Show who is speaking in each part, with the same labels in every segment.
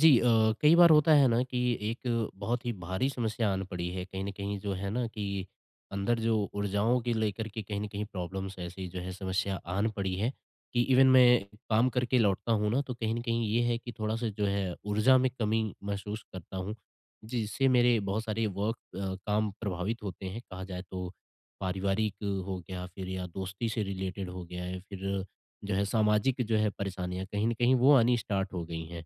Speaker 1: जी अ, कई बार होता है ना कि एक बहुत ही भारी समस्या आन पड़ी है। कहीं न कहीं जो है ना कि अंदर जो ऊर्जाओं को लेकर के कहीं न कहीं प्रॉब्लम्स ऐसी जो है, समस्या आन पड़ी है। कि इवेन मैं काम करके लौटता हूँ ना, तो कहीं न कहीं ये है कि थोड़ा-सा जो है, ऊर्जा में कमी महसूस करता हूँ। जिससे मेरे बहुत सारे वर्क अ, काम प्रभावित होते हैं। कहा जाए तो, पारिवारिक हो गया, फ़िर या दोस्ती से रिलेटेड हो गया है या फ़िर जो है, सामाजिक जो है परेशानियाँ कहीं न कहीं वो आनी स्टार्ट हो गई हैं।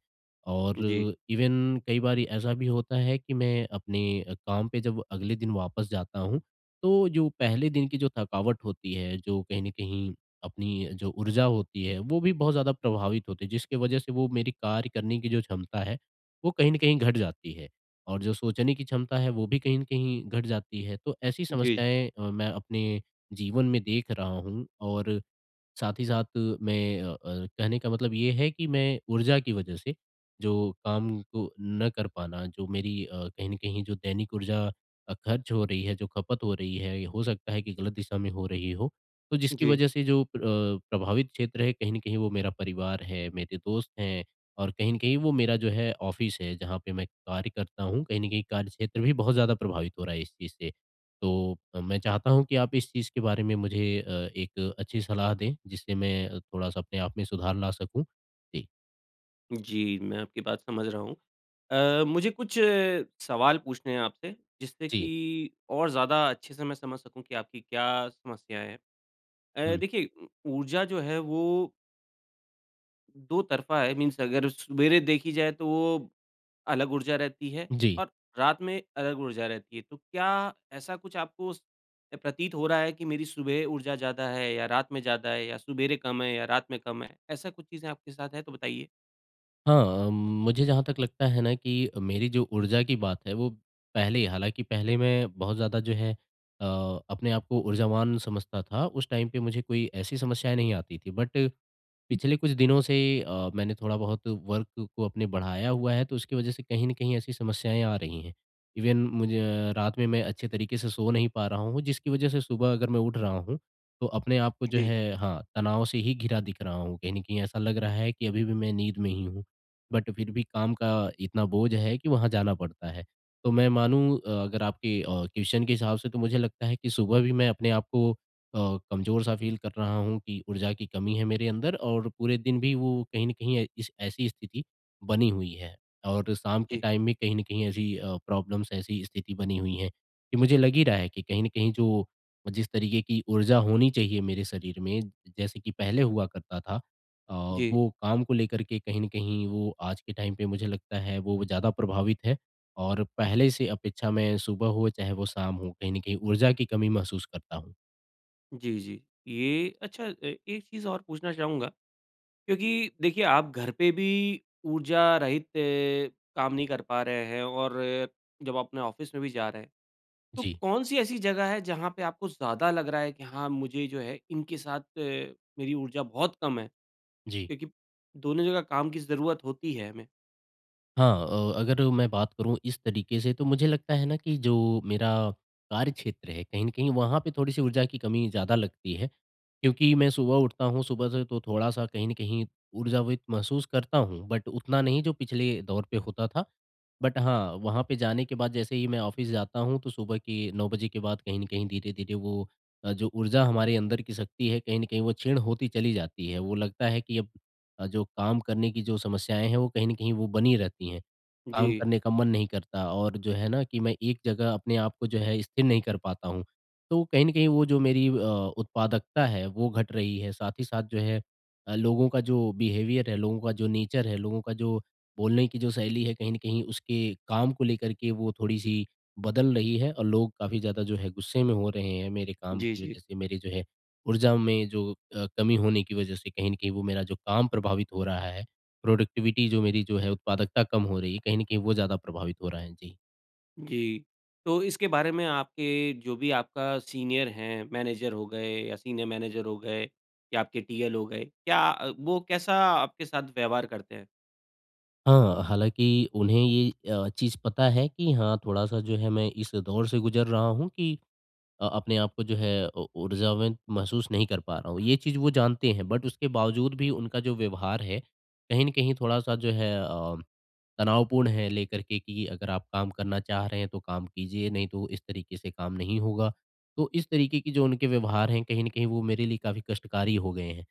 Speaker 1: और
Speaker 2: जी।
Speaker 1: अ, इवेन कई बारी ऐसा भी होता है कि मैं अपने अ, काम पे जब अगले दिन वापस जाता हूँ, तो जो पहले दिन की जो थकावट होती है, जो कहीं न कहीं, अपनी जो ऊर्जा होती है, वो भी बहुत ज़्यादा प्रभावित होती है। जिसके वजह से वो मेरी कार्य करने की जो क्षमता है, वो कहीं न कहीं घट जाती है, और जो सोचने की क्षमता है वो भी कहीं न कहीं घट जाती है। तो ऐसी
Speaker 2: जी।
Speaker 1: समस्याएँ अ, मैं अपने जीवन में देख रहा हूँ, और, साथ ही साथ मैं अ अर कहने का मतलब ये है कि मैं ऊर्जा की वजह से, जो काम को ना कर पाना जो मेरी अ, कहीं न कहीं जो दैनिक ऊर्जा अ, ख़र्च हो रही है, जो खपत हो रही है। हो सकता है कि गलत दिशा में हो रही हो। तो जिसकी
Speaker 2: जी।
Speaker 1: वजह से जो प्र प्रभावित क्षेत्र है कहीं न कहीं वो मेरा परिवार है, मेरे दोस्त हैं और कहीं न कहीं वो मेरा जो है ऑफिस है जहाँ पे मैं कार्य करता हूँ, कहीं न कहीं कार्यक्षेत्र भी बहुत ज़्यादा प्रभावित हो रहा है इस चीज़ से। तो अ, मैं चाहता हूँ कि आप इस चीज़ के बारे में मुझे अ, 1 अच्छी सलाह दें जिससे मैं थोड़ा-सा अपने आप में सुधार ला सकूँ। जी।
Speaker 2: जी, मैं आपकी बात समझ रहा हूँ। अ, मुझे कुछ सवाल पूछने हैं आपसे, जिससे
Speaker 1: जी।
Speaker 2: कि और ज़्यादा अच्छे से मैं समझ सकूँ कि आपकी क्या समस्या है। अ,
Speaker 1: हुँ।
Speaker 2: देखिए ऊर्जा जो है वो दो तरफ़ा है, मीन्स अगर सवेरे देखी जाए, तो वो अलग ऊर्जा रहती है,
Speaker 1: जी।
Speaker 2: और रात में अलग ऊर्जा रहती है। तो क्या ऐसा कुछ आपको स अ, प्रतीत हो रहा है कि मेरी सुबह ऊर्जा ज़्यादा है या रात में ज़्यादा है, या सवेरे कम है या रात में कम है? ऐसा कुछ चीज़ें आपके साथ है तो बताइए।
Speaker 1: हाँ, मुझे जहाँ तक लगता है ना कि मेरी जो ऊर्जा की बात है, वो पहले ही हालाँकि पहले मैं बहुत ज़्यादा जो है अ, अपने आपको ऊर्जावान समझता था। उस टाइम पे मुझे कोई ऐसी समस्याएँ नहीं आती थीं, बट पिछले कुछ दिनों से अ, मैंने थोड़ा बहुत वर्क को अपने बढ़ाया हुआ है, तो उसकी वज़ह से कहीं न कहीं ऐसी समस्याएँ आ रही हैं। इवन मुझे रात में मैं अच्छे तरीके से सो नहीं पा रहा हूँ, जिसकी वजह से सुबह अगर मैं उठ रहा हूँ, तो अपने आप को जो
Speaker 2: जी।
Speaker 1: है, हाँ, तनाव से ही घिरा दिख रहा हूँ। कहीं न कहीं ऐसा लग रहा है कि अभी भी मैं नींद में ही हूँ। बट फिर भी काम का इतना बोझ है कि वहाँ जाना पड़ता है। तो मैं मानूँ अ, अगर आपके अ, क्वेस्चन के हिसाब से, तो मुझे लगता है कि सुबह भी मैं अपने आपको अ, कमज़ोर-सा फ़ील कर रहा हूँ कि ऊर्जा की कमी है मेरे अंदर, और पूरे दिन भी वो कहीं न कहीं ऐ इस ऐसी स्थिति बनी हुई है। और शाम के
Speaker 2: जी।
Speaker 1: टाइम में कहीं न कहीं ऐसी अ, प्रॉब्लम्स, ऐसी स्थिति बनी हुई है कि मुझे लग ही रहा है कि कहीं न कहीं जो जिस तरीके की ऊर्जा होनी चाहिए मेरे शरीर में, जैसे कि पहले हुआ करता था अ,
Speaker 2: जी।
Speaker 1: वो काम को लेकर के कहीं न कहीं, वो आज के टाइम पे मुझे लगता है, वो ज़्यादा प्रभावित है। और पहले से अपेक्षा मैं, सुबह हो चाहे वो शाम हो, कहीं न कहीं ऊर्जा की कमी महसूस करता हूँ।
Speaker 2: जी, जी। ये अच्छा अ, एक चीज़ और पूछना चाहूँगा क्योंकि देखिए आप घर पे भी ऊर्जा रहित अ, काम नहीं कर पा रहे हैं और जब अपने ऑफ़िस में भी जा रहे हैं। तो
Speaker 1: जी।
Speaker 2: कौन-सी ऐसी जगह है जहाँ पे आपको ज़्यादा लग रहा है कि हाँ, मुझे जो है इनके साथ मेरी ऊर्जा बहुत कम है।
Speaker 1: जी।
Speaker 2: क्योंकि दोनों जगह काम की ज़रूरत होती है, हमें।
Speaker 1: हाँ। अ, अगर मैं बात करूँ इस तरीके से तो मुझे लगता है ना कि जो मेरा कार्यक्षेत्र है कहीं न कहीं वहाँ पे थोड़ी-सी ऊर्जा की कमी ज़्यादा लगती है। क्योंकि मैं सुबह उठता हूँ सुबह से तो थोड़ा-सा कहीं न कहीं ऊर्जावित महसूस करता हूँ, बट उतना नहीं जो पिछले दौर पे होता था। बट हाँ। वहाँ पे जाने के बाद जैसे ही मैं ऑफ़िस जाता हूँ तो सुबह के 9 बजे के बाद कहीं न कहीं धीरे-धीरे वो अ, जो ऊर्जा हमारे अंदर की शक्ति है कहीं न कहीं वो क्षीण होती चली जाती है। वो लगता है कि अब अ, जो काम करने की जो समस्याएँ हैं वो कहीं न कहीं वो बनी रहती हैं। काम
Speaker 2: जी।
Speaker 1: करने का मन नहीं करता और जो है ना कि मैं एक जगह अपने आपको जो है स्थिर नहीं कर पाता हूँ। तो कहीं न कहीं वो जो मेरी अ, उत्पादकता है वो घट रही है। साथ ही साथ जो है अ, लोगों का जो बिहेवियर है, लोगों का जो नेचर है, लोगों का जो बोलने की जो शैली है कहीं न कहीं उसके, काम को लेकर के वो थोड़ी-सी बदल रही है। और लोग काफ़ी ज़्यादा जो है गुस्से में हो रहे हैं मेरे काम
Speaker 2: जी,
Speaker 1: की
Speaker 2: जी।
Speaker 1: वज़ह से, मेरी जो है ऊर्जा में जो अ, कमी होने की वज़ह से कहीं न कहीं वो मेरा जो काम प्रभावित हो रहा है। प्रोडक्टिविटी जो मेरी जो है उत्पादकता कम हो रही है कहीं न कहीं वो ज़्यादा प्रभावित हो रहा है। जी।
Speaker 2: जी। तो इसके बारे में आपके जो भी आपका सीनियर है, मैनेजर हो गए या सीनियर मैनेजर हो गए, या आपके टीएल हो गए। क्या अ, वो कैसा आपके साथ व्यवहार करते हैं?
Speaker 1: हाँ, हालाँकि उन्हें ये अ, चीज़ पता है कि हाँ थोड़ा-सा जो है मैं इस दौर से गुज़र रहा हूँ, कि अ, अपने आपको जो है उ ऊर्जावान महसूस नहीं कर पा रहा हूँ। ये चीज़ वो जानते हैं, बट उसके बावजूद भी उनका जो व्यवहार है, कहीं न कहीं थोड़ा-सा जो है अ, तनावपूर्ण है, लेकर के कि अगर आप काम करना चाह रहे हैं, तो काम कीजिए नहीं तो इस तरीके से काम नहीं होगा। तो इस तरीके की जो उनके व्यवहार है, कहीं न कहीं वो मेरे लिए काफ़ी कष्टकारी हो गए हैं।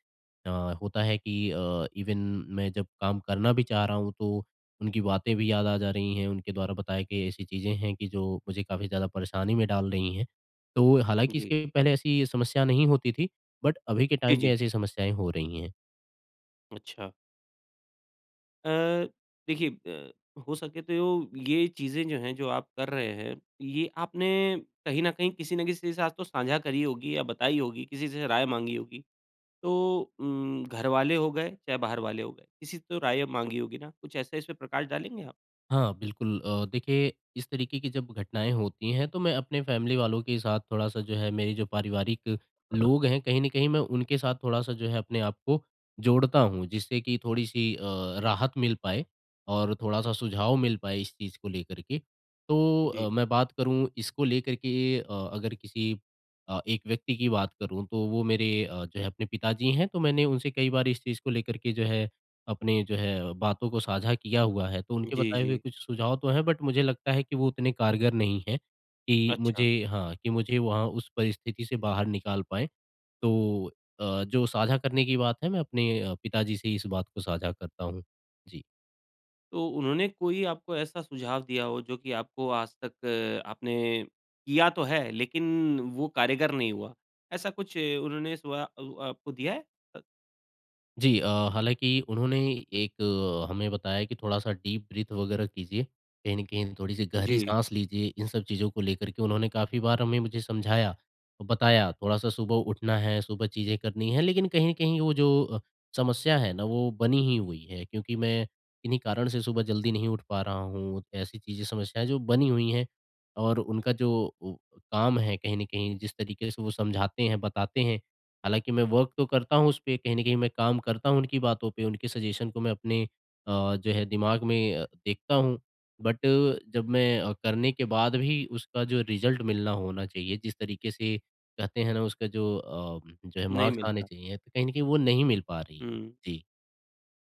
Speaker 1: अ, होता है कि अ, इवन मैं जब काम करना भी चाह रहा हूँ, तो उनकी बातें भी याद आ जा रही हैं। उनके द्वारा बताई कई ऐसी चीज़ें हैं, कि जो मुझे काफ़ी ज़्यादा परेशानी में डाल रही हैं। तो हालाँकि
Speaker 2: जी।
Speaker 1: इसके पहले ऐसी समस्या नहीं होती थी बट अभी के
Speaker 2: जी,
Speaker 1: टाइम पे
Speaker 2: जी।
Speaker 1: ऐसी समस्याएँ हो रही हैं।
Speaker 2: अच्छा। अ, देखिए ब हो सके तो ये चीज़ें जो हैं, जो आप कर रहे हैं, ये आपने कहीं न कहीं किसी न किसी के साथ तो साँझा करी होगी या बताई होगी। किसी से राय माँगी होगी, तो उम, घर वाले हो गए, चाहे बाहर वाले हो गए। किसी से तो राय अब माँगी होगी ना? कुछ ऐसा इसमें प्रकाश डालेंगे आप?
Speaker 1: हाँ, बिल्कुल अ, देखिए इस तरीके की जब घटनाएँ होती हैं तो मैं अपने फ़ैमिली वालों के साथ थोड़ा-सा जो है मेरे जो पारिवारिक लोग हैं कहीं न कहीं मैं उनके साथ थोड़ा-सा जो है अपने आप को जोड़ता हूँ, जिससे कि थोड़ी-सी अ, राहत मिल पाए और थोड़ा-सा सुझाव मिल पाए इस चीज़ को लेकर के। तो अ,
Speaker 2: जी।
Speaker 1: मैं बात करूँ इसको लेकर के अ, अगर किसी अ, एक व्यक्ति की बात करूँ तो वो मेरे अ, जो है अपने पिताजी हैं तो मैंने उनसे कई बार इस चीज़ को लेकर के जो है अपने जो है बातों को साझा किया हुआ है। तो उनके
Speaker 2: जी,
Speaker 1: बताए हुए
Speaker 2: जी।
Speaker 1: कुछ सुझाव तो हैं बट मुझे लगता है कि वो उतने कारगर नहीं हैं कि
Speaker 2: अच्छा।
Speaker 1: मुझे हाँ, कि मुझे वहाँ उस परिस्थिति से बाहर निकाल पाए। तो अ, जो साझा करने की बात है मैं अपने पिताजी से इस बात को साझा करता हूँ। जी।
Speaker 2: तो उन्होंने कोई आपको ऐसा सुझाव दिया हो जो कि आपको आज तक आपने किया तो है लेकिन वो कारगर नहीं हुआ, ऐसा कुछ उन्होंने सुवा उ आपको दिया है? अ
Speaker 1: जी। अ, हालाँकि उन्होंने एक हमें बताया कि थोड़ा-सा डीप ब्रीथ वगैरह कीजिए। कहीं न कहीं थोड़ी-सी गहरी
Speaker 2: जी।
Speaker 1: साँस लीजिए, इन सब चीज़ों को लेकर के उन्होंने काफ़ी बार हमें मुझे समझाया, बताया, थोड़ा-सा सुबह उठना है, सुबह चीज़ें करनी हैं, लेकिन कहीं न कहीं वो जो अ, समस्या है ना वो बनी ही हुई है क्योंकि मैं इन्हीं कारण से सुबह जल्दी नहीं उठ पा रहा हूँ। ऐसी चीज़ें समस्याएँ जो बनी हुई हैं और उनका जो वो काम है कहीं न कहीं जिस तरीके से वो समझाते हैं, बताते हैं। हालाँकि मैं वर्क तो करता हूँ उसपे, कहीं न कहीं मैं काम करता हूँ उनकी बातों पे, उनके सजेशन को मैं अपने अ, जो है दिमाग़ में देखता हूँ। बट जब मैं करने के बाद भी उसका जो रिज़ल्ट मिलना होना चाहिए, जिस तरीके से कहते हैं ना उसका जो अ जो है
Speaker 2: नहीं
Speaker 1: मार्क्स आने
Speaker 2: मिलता।
Speaker 1: चाहिए तो कहीं न कहीं वो नहीं मिल पा रही है।
Speaker 2: हुँ।
Speaker 1: जी।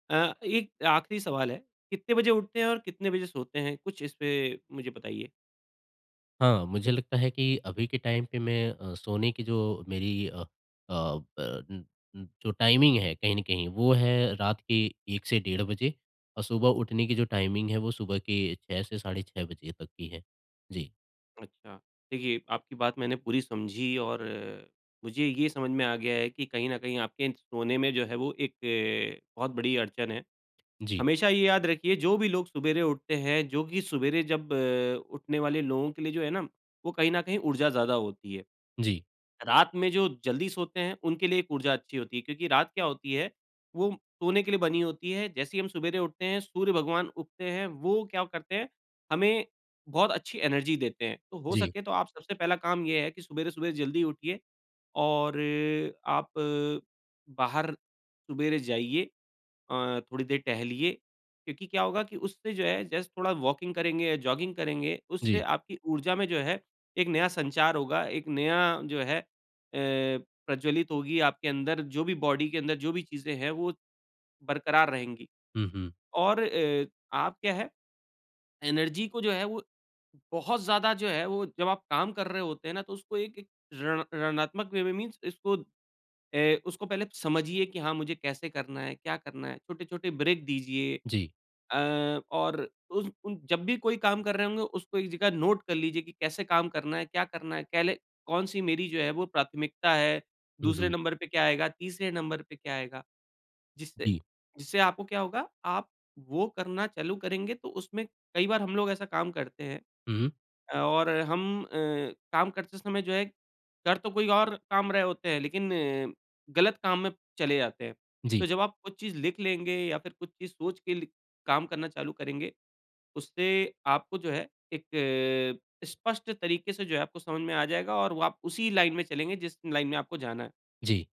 Speaker 2: अ, 1 आख़िरी सवाल है, कितने बजे उठते हैं और कितने बजे सोते हैं? कुछ इसपे मुझे बताइए।
Speaker 1: हाँ, मुझे लगता है कि अभी के टाइम पे मैं अ, सोने की जो मेरी अ अ, ब अ अ, जो टाइमिंग है कहीं न कहीं, वो है रात के 1:00 से डेढ़ बजे और सुबह उठने की जो टाइमिंग है, वो सुबह के 6:00 से साढ़े 6 बजे तक की है। जी।
Speaker 2: अच्छा। देखिए आपकी बात मैंने पूरी समझी और अ, मुझे ये समझ में आ गया है कि कहीं न कहीं, आपके सोने में जो है वो एक अ, बहुत बड़ी अड़चन है।
Speaker 1: जी।
Speaker 2: हमेशा ये याद रखिए, जो भी लोग सवेरे उठते हैं जो कि सवेरे जब अ, उठने वाले लोगों के लिए जो है ना, वो कहीं न कहीं ऊर्जा ज़्यादा होती है।
Speaker 1: जी।
Speaker 2: रात में जो जल्दी सोते हैं, उनके लिए एक ऊर्जा अच्छी होती है। क्योंकि रात क्या होती है, वो सोने के लिए बनी होती है। जैसे ही हम सवेरे उठते हैं, सूर्य भगवान उगते हैं, वो क्या करते हैं, हमें बहुत अच्छी एनर्जी देते हैं। तो हो
Speaker 1: जी।
Speaker 2: सके तो आप सबसे पहला काम ये है कि सवेरे-सवेरे जल्दी उठिए और अ आप अ, बाहर सवेरे जाइए अ, थोड़ी देर टहलिए। क्योंकि क्या होगा की उससे जो है जस्ट थोड़ा वॉकिंग करेंगे, या जॉगिंग करेंगे, उससे
Speaker 1: जी।
Speaker 2: आपकी ऊर्जा में जो है, एक नया संचार होगा। एक नया जो है अ, प्रज्वलित होगी आपके अंदर जो भी बॉडी के अंदर जो भी चीज़ें है, वो बरक़रार रहेंगी।
Speaker 1: हुँ, हुँ।
Speaker 2: और अ, आप क्या है एनर्जी को जो है, वो बहुत ज़्यादा जो है, वो जब आप काम कर रहे होते हैं ना, तो उसको एक एक रण ऋणात्मक वे में मीन्स इसको ए उसको पहले समझिए कि हाँ मुझे कैसे करना है, क्या करना है? छोटे-छोटे ब्रेक दीजिए।
Speaker 1: जी।
Speaker 2: अ, और उस उन जब भी कोई काम कर रहे होंगे, उसको एक जग़ह नोट कर लीजिए कि कैसे काम करना है, क्या करना है? कह ले कौन-सी मेरी जो है वो प्राथमिकता है।
Speaker 1: हुँ,
Speaker 2: दूसरे
Speaker 1: हुँ।
Speaker 2: नंबर पे क्या आएगा, तीसरे नंबर पे क्या आएगा? जिससे
Speaker 1: जी।
Speaker 2: जिससे आपको क्या होगा, आप वो करना चालू करेंगे तो उसमें कई बार हम लोग ऐसा काम करते हैं।
Speaker 1: हुँ।
Speaker 2: अ, और हम अ, काम करते समय जो है, कर तो कोई और काम रहे होते हैं, लेकिन अ, गलत काम में चले जाते हैं।
Speaker 1: जी।
Speaker 2: तो जब आप कुछ चीज़ लिख लेंगे या फिर कुछ चीज़ सोच लिख के काम करना चालू करेंगे, उससे आपको जो है एक अ, स्पष्ट तरीके से जो है, आपको समझ में आ जाएगा और वो आप उसी लाइन में चलेंगे जिस लाइन में आपको जाना है।
Speaker 1: जी।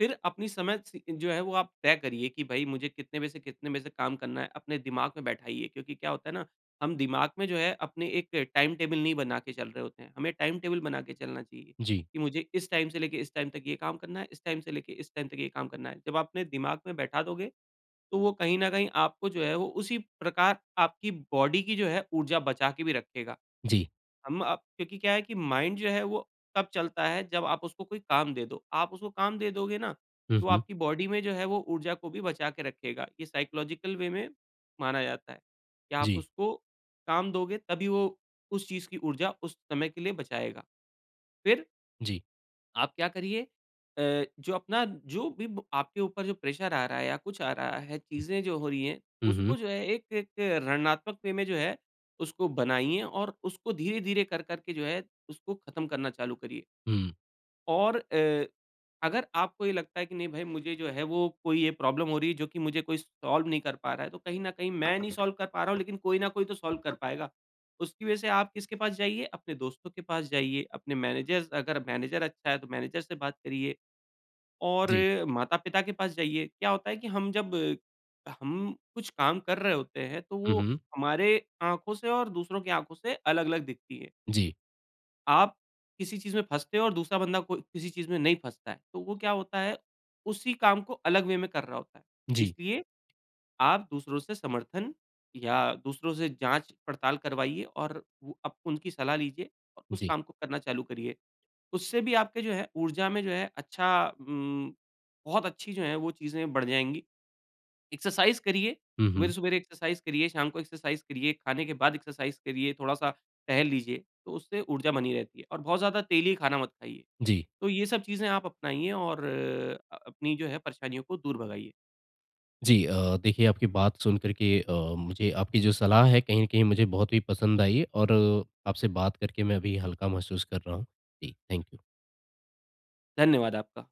Speaker 2: फिर अपनी समय सी जो है वो आप तय करिए कि भई, मुझे कितने बजे से, कितने बजे से काम करना है, अपने दिमाग में बैठाइए। क्योंकि क्या होता है ना, हम दिमाग में जो है अपने एक टाइम टेबल नहीं बना के चल रहे होते हैं। हमें टाइम टेबल बना के चलना चाहिए
Speaker 1: जी।
Speaker 2: कि मुझे इस टाइम से लेके इस टाइम तक ये काम करना है, इस टाइम से लेके इस टाइम तक ये काम करना है। जब आप अपने दिमाग में बैठा दोगे, तो वो कहीं न कहीं आपको जो है वो उसी प्रकार आपकी बॉडी की जो है ऊर्जा बचा के भी रखेगा।
Speaker 1: जी।
Speaker 2: हम अप क्योंकि क्या है कि माइंड जो है वो तब चलता है जब आप उसको कोई काम दे दो। आप उसको काम दे दोगे ना,
Speaker 1: हुँ,
Speaker 2: तो
Speaker 1: हुँ।
Speaker 2: आपकी बॉडी में जो है वो ऊर्जा को भी बचा के रखेगा। ये साइकोलॉजिकल वे में माना जाता है, कि आप
Speaker 1: जी।
Speaker 2: उसको काम दोगे, तभी वो उस चीज़ की ऊर्जा उस समय के लिए बचाएगा। फिर
Speaker 1: जी।
Speaker 2: आप क्या करिए अ, जो अपना जो भी ब आपके ऊपर जो प्रेशर आ रहा है या कुछ आ रहा है,
Speaker 1: हुँ।
Speaker 2: चीज़ें जो हो रही हैं,
Speaker 1: हुँ, हुँ।
Speaker 2: उसको जो है एक एक रणनात्मक वे में जो है, उसको बनाइए और उसको धीरे-धीरे कर-कर के जो है, उसको ख़त्म करना चालू करिए।
Speaker 1: हुँ।
Speaker 2: और अ, अगर आपको ये लगता है कि नहीं भई, मुझे जो है, वो कोई ये प्रॉब्लम हो रही है जो कि मुझे कोई सॉल्व नहीं कर पा रहा है। तो कहीं न कहीं मैं नहीं सॉल्व कर पा रहा हूँ, लेकिन कोई न कोई तो सॉल्व कर पाएगा। उसकी वजह से आप किसके पास जाइए, अपने दोस्तों के पास जाइए। अपने मैनेजर अगर मैनेजर अच्छा है, तो मैनेजर से बात करिए, और
Speaker 1: जी।
Speaker 2: माता-पिता के पास जाइए। क्या होता है कि हम जब हम कुछ काम कर रहे होते हैं, तो
Speaker 1: हुँ,
Speaker 2: वो
Speaker 1: हुँ।
Speaker 2: हमारे आँखों से और दूसरों की आँखों से अलग-अलग दिखती है।
Speaker 1: जी।
Speaker 2: आप किसी चीज़ में फँसते हो और दूसरा बंदा कोई किसी चीज़ में नहीं फँसता है। तो वो क्या होता है, उसी काम को अलग वे में कर रहा होता है।
Speaker 1: जी।
Speaker 2: इसलिए, आप दूसरों से समर्थन या दूसरों से जाँच-पड़ताल करवाइए, और वो आप उनकी सलाह लीजिए और उस
Speaker 1: जी।
Speaker 2: काम को करना चालू करिए। उससे भी आपके जो है ऊर्जा में जो है अच्छा उम, बहुत अच्छी जो हैं, वो चीज़ें बढ़ जाएँगी। एक्सरसाइज़ करिए,
Speaker 1: हुँ, हुँ।
Speaker 2: सवेरे-सवेरे एक्सरसाइज़ करिए, शाम को एक्सरसाइज़ करिए, खाने के बाद एक्सरसाइज़ करिए, थोड़ा-सा टहल लीजिए, तो उससे ऊर्जा बनी रहती है, और बहुत ज़्यादा तेली खाना मत खाइए।
Speaker 1: जी।
Speaker 2: तो ये सब चीज़ें आप अपनाइए, और अ अपनी जो है परेशानियों को दूर भगाइए।
Speaker 1: जी। अ, देखिए, आपकी बात सुन कर के अ, मुझे आपकी जो सलाह है, कहीं न कहीं मुझे बहुत ही पसंद आई, और आपसे बात करके मैं अभी हल्का महसूस कर रहा हूँ। जी, थैंक यू।
Speaker 2: धन्यवाद आपका।